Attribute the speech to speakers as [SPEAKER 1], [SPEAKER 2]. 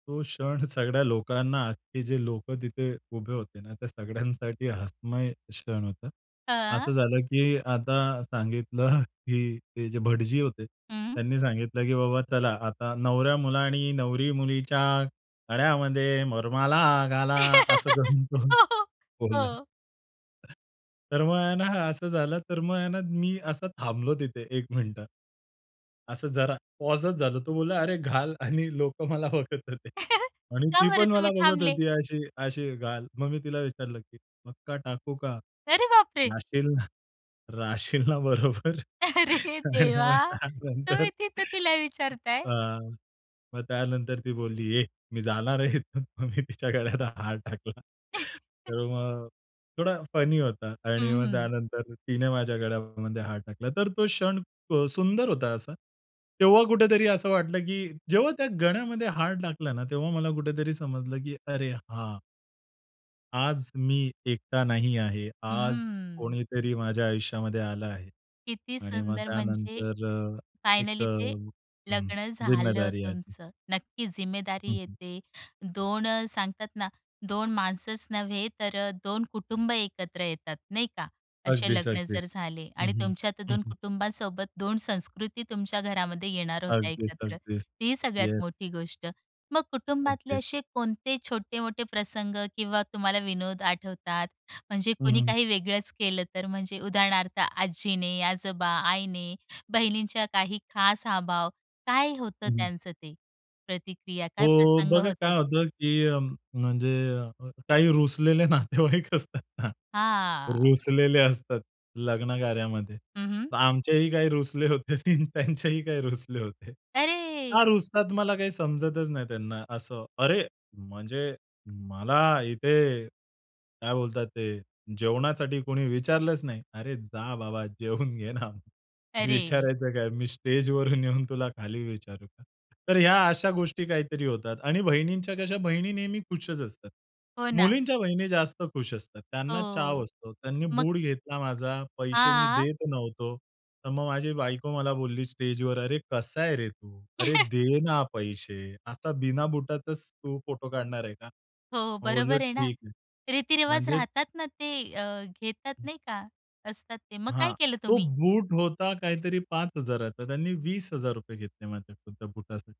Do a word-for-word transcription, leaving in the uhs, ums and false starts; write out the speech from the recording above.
[SPEAKER 1] तो क्षण सगळ्या लोकांना, अख्खे जे लोकं तिथे उभे होते ना, त्या सगळ्यांसाठी हसमय क्षण होता. असं
[SPEAKER 2] हां.
[SPEAKER 1] झालं की आता सांगितलं की ते जे भटजी होते
[SPEAKER 2] हं.
[SPEAKER 1] त्यांनी सांगितलं की बाबा चला आता नवऱ्यामुलानी नवरी मुलीच्या गळ्यामध्ये वरमाला घाला. असं करून तो
[SPEAKER 2] हो, हो,
[SPEAKER 1] बोलला.
[SPEAKER 2] हो.
[SPEAKER 1] तर मग आहे ना, असं झालं तर मग आहे ना, मी असं थांबलो तिथे एक मिनिट. असं जरा पॉजच झालो. तो बोलला, "अरे घाल" आणि लोकं मला बघत होते. आणि
[SPEAKER 2] का
[SPEAKER 1] ती
[SPEAKER 2] बरं
[SPEAKER 1] पण मला
[SPEAKER 2] तुम्ही
[SPEAKER 1] बघत
[SPEAKER 2] थांबले?
[SPEAKER 1] होती अशी अशी "घाल." मग मी तिला विचारलं की पक्का टाकू का?
[SPEAKER 2] अरे बापरे!
[SPEAKER 1] राहशील ना राहशील ना बरोबर
[SPEAKER 2] अरे
[SPEAKER 1] आणि
[SPEAKER 2] देवा!
[SPEAKER 1] मग त्यानंतर.
[SPEAKER 2] तुम्ही तिथं तिला
[SPEAKER 1] अ,
[SPEAKER 2] विचारताय!?
[SPEAKER 1] मग त्यानंतर ती बोलली, "ए मी जाणार आहे इथून," मग मी तिच्या गळ्यात हार टाकला. तर मग थोडा फनी होता आणि
[SPEAKER 2] हं,
[SPEAKER 1] मग
[SPEAKER 2] हं.
[SPEAKER 1] त्यानंतर तिने माझ्या गळ्यामध्ये हार टाकला तर तो क्षण सुंदर होता असा. तेव्हा कुठेतरी असं वाटलं की जेव्हा त्या गळ्यामध्ये हार टाकला ना, तेव्हा मला कुठेतरी समजलं की "अरे हां" "आज मी एकटा नाही आहे. आज
[SPEAKER 2] हम्म.
[SPEAKER 1] कोणीतरी माझ्या आयुष्यामध्ये आलं आहे."
[SPEAKER 2] किती
[SPEAKER 1] आणि मग
[SPEAKER 2] सुंदर म्हणजे,
[SPEAKER 1] त्यानंतर अ, एक अ,
[SPEAKER 2] फायनली ते
[SPEAKER 1] हं,
[SPEAKER 2] लग्न झालं
[SPEAKER 1] जिम्मेदारी आली.
[SPEAKER 2] तुमचं. नक्की
[SPEAKER 1] हं,
[SPEAKER 2] जिम्मेदारी
[SPEAKER 1] हं.
[SPEAKER 2] येते. दोन अ, सांगतात ना, दोन माणसंच नव्हे तर अ, दोन कुटुंब एकत्र येतात, नाही का? असे
[SPEAKER 1] अगदीच,
[SPEAKER 2] लग्न
[SPEAKER 1] अगदीच.
[SPEAKER 2] जर झाले
[SPEAKER 1] हं,
[SPEAKER 2] आणि
[SPEAKER 1] हं.
[SPEAKER 2] तुमच्या तर
[SPEAKER 1] हं,
[SPEAKER 2] दोन
[SPEAKER 1] हं.
[SPEAKER 2] कुटुंबासोबत दोन संस्कृती तुमच्या घरामध्ये येणार होत्या
[SPEAKER 1] अगदीच,
[SPEAKER 2] एकत्र.
[SPEAKER 1] अगदीच.
[SPEAKER 2] ही सगळ्यात
[SPEAKER 1] येस.
[SPEAKER 2] मोठी गोष्ट. मग कुटुंबातले
[SPEAKER 1] अगदीच.
[SPEAKER 2] असे कोणते छोटे-मोठे प्रसंग किंवा तुम्हाला विनोद आठवतात? म्हणजे
[SPEAKER 1] हं,
[SPEAKER 2] कोणी
[SPEAKER 1] हं.
[SPEAKER 2] काही वेगळंच केलं तर म्हणजे उदाहरणार्थ आजीने, आजोबा, आईने, बहिणींच्या काही खास अभाव काय होतं
[SPEAKER 1] हं, हं.
[SPEAKER 2] त्यांचं ते प्रतिक्रिया, काय
[SPEAKER 1] हो,
[SPEAKER 2] प्रसंग
[SPEAKER 1] बघा
[SPEAKER 2] होते?
[SPEAKER 1] काय होतं, की अ, म्हणजे काही रुसलेले नातेवाईक असतात ना.
[SPEAKER 2] हां.
[SPEAKER 1] रुसलेले असतात लग्नकार्यामध्ये.
[SPEAKER 2] हं, हं.
[SPEAKER 1] तर आमचेही काही रुसले होते. ती त्यांचेही काही रुसले होते.
[SPEAKER 2] अरे!
[SPEAKER 1] का रुसतात मला काही समजतच नाही. त्यांना असं, अरे म्हणजे, "मला इथे काय बोलतात ते जेवणासाठी कोणी विचारलंच नाही." "अरे जा बाबा जेवून घे ना.
[SPEAKER 2] अरे!
[SPEAKER 1] विचारायचं काय? मी स्टेजवरून येऊन तुला खाली विचारू का?" तर ह्या अशा गोष्टी काहीतरी होतात आणि बहिणींच्या कशा, बहिणी नेहमी खुशच असतात.
[SPEAKER 2] हो ना.
[SPEAKER 1] मुलींच्या बहिणी जास्त खुश असतात. त्यांना चाव
[SPEAKER 2] हो,
[SPEAKER 1] असतो. त्यांनी
[SPEAKER 2] मग
[SPEAKER 1] बूट घेतला माझा, पैसे मी
[SPEAKER 2] हां?
[SPEAKER 1] देत नव्हतो. तर मग माझी बायको मला बोलली स्टेजवर, "अरे कसा आहे रे तू? अरे दे ना पैसे. आता बिना बुटाचच तू फोटो काढणार आहे का?"
[SPEAKER 2] हो,
[SPEAKER 1] मग बोललो,
[SPEAKER 2] बरोबर आहे ना.
[SPEAKER 1] "ठीक आहे."
[SPEAKER 2] रीतिरिवाज
[SPEAKER 1] म्हणजे
[SPEAKER 2] राहतात ना ते, अ, घेतात
[SPEAKER 1] हं.
[SPEAKER 2] नाही का, असतात ते. मग काय
[SPEAKER 1] हां,
[SPEAKER 2] केलं
[SPEAKER 1] तो
[SPEAKER 2] तुम्ही?
[SPEAKER 1] बूट होता काहीतरी पाच हजाराचा, त्यांनी वीस हजार रुपये घेतले माझ्याकडून त्या बूटासाठी.